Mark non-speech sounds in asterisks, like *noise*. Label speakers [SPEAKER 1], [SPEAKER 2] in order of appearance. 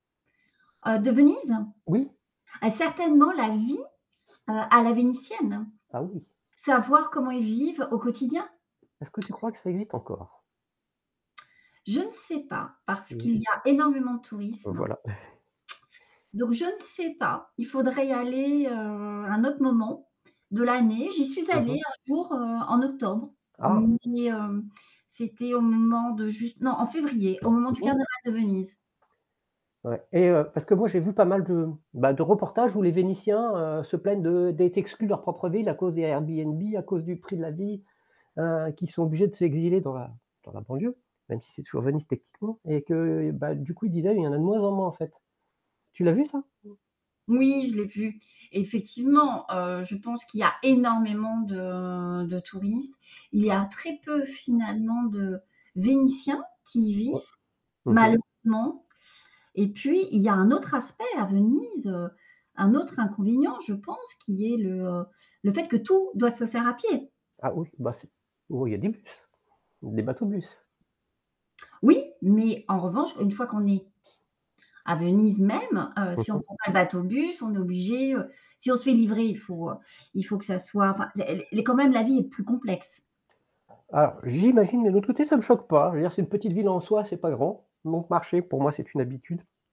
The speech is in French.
[SPEAKER 1] Heu, de Venise?
[SPEAKER 2] Oui.
[SPEAKER 1] Ah certainement la vie, heu, à la vénitienne.
[SPEAKER 2] Ah oui.
[SPEAKER 1] Savoir comment ils vivent au quotidien.
[SPEAKER 2] Est-ce que tu crois que ça existe encore?
[SPEAKER 1] Je ne sais pas, parce qu'il
[SPEAKER 2] Niche.
[SPEAKER 1] y a énormément de
[SPEAKER 2] Heu,
[SPEAKER 1] tourisme. *smacks lips*
[SPEAKER 2] voilà. *chuckles*
[SPEAKER 1] Donc, je ne sais pas, il faudrait y aller, heu, à un autre moment, de l'année. J'y suis
[SPEAKER 2] Mmh
[SPEAKER 1] allée
[SPEAKER 2] mh.
[SPEAKER 1] un jour, heu, en octobre,
[SPEAKER 2] Ah!
[SPEAKER 1] mais, hem, c'était au moment de juste non, en février, au moment du carnaval de Venise.
[SPEAKER 2] Ouais. Et heu parce que moi j'ai vu pas mal de bah de reportages où les Vénitiens, heu, se plaignent de d'être exclus de leur propre ville à cause des Airbnb, à cause du prix de la vie, heu, qu'ils sont obligés de s'exiler dans la dans la banlieue, même si c'est toujours Venise techniquement. Et que, heu, bah du coup ils disaient: «Il y en a de moins en moins en fait». Tu l'as vu ça?
[SPEAKER 1] Moui, je l'ai vu. Effectivement, heu, je pense qu'il y a énormément de de touristes. Il y a très peu finalement de Vénitiens qui y vivent,
[SPEAKER 2] Au p mmh mh.
[SPEAKER 1] malheureusement. Et puis, il y a un autre aspect à Venise, heu, un autre inconvénient, je pense, qui est le, heu, le fait que tout, doit se faire à pied.
[SPEAKER 2] Ah oui, bah c'est oh il y a des bus, des bateaux bus?
[SPEAKER 1] Oui, mais en revanche, une fois qu'on est, à Venise même, heu,
[SPEAKER 2] Mmh
[SPEAKER 1] si on
[SPEAKER 2] mh.
[SPEAKER 1] prend pas le bateau-bus, on est obligé heu, si on se fait livrer, il faut heu, il faut que ça soit, enfin d elle est elle est quand même la vie est plus complexe.
[SPEAKER 2] Ah, j'imagine, mais l'autre côté, ça me choque pas. Je veux dire, c'est une petite ville en soi, c'est pas grand. Donc marcher, pour moi, c'est une habitude.